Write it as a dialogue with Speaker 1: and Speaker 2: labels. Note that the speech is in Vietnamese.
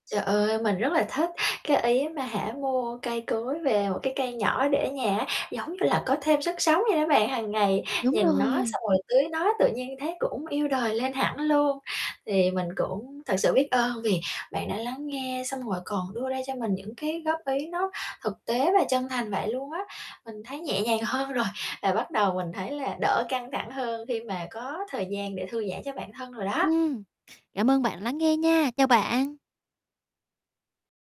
Speaker 1: Trời ơi, mình rất là thích cái, ý á mà hả, mua cây cối về một cái cây nhỏ để ở nhà á, giống như là có thêm sức sống vậy đó bạn. Hằng ngày
Speaker 2: Đúng
Speaker 1: nhìn nó
Speaker 2: rồi.
Speaker 1: xong rồi tưới nó, tự nhiên thấy cũng yêu đời lên hẳn luôn. Thì mình cũng thực sự biết ơn vì bạn đã lắng nghe xong rồi còn đưa ra cho mình những cái góp ý nó thực tế và chân thành vậy luôn á. Mình thấy nhẹ nhàng hơn rồi, và bắt đầu mình thấy là đỡ căng thẳng hơn khi mà có thời gian để thư giãn cho bản thân rồi đó.
Speaker 2: Ừm, cảm ơn bạn đã lắng nghe nha. Chào bạn.